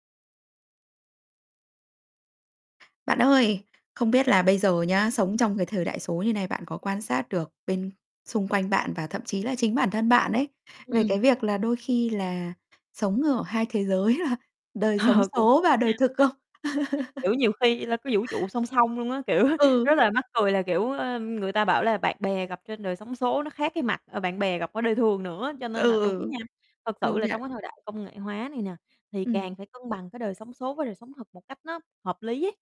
Bạn ơi, không biết là bây giờ nhá, sống trong cái thời đại số như thế này bạn có quan sát được bên xung quanh bạn và thậm chí là chính bản thân bạn ấy, Ừm, về ừm. cái việc là đôi khi là sống ở hai thế giới là đời sống Ờ, cũng số có và nha. đời thực không? Kiểu, nhiều khi là có vũ trụ song song luôn á, kiểu, rất Ừ. là mắc cười là, kiểu, ơ, người ta bảo là bạn bè gặp trên đời sống số nó khác cái mặt, ờ, bạn bè gặp ở đời thường nữa, Ừ, cho nên là đúng ừ. nha, thật sự Công là nhận. trong cái thời đại công nghệ hóa này nè, thì Ừm. càng phải cân bằng cái đời sống số với đời sống thực một cách nó hợp lý ấy.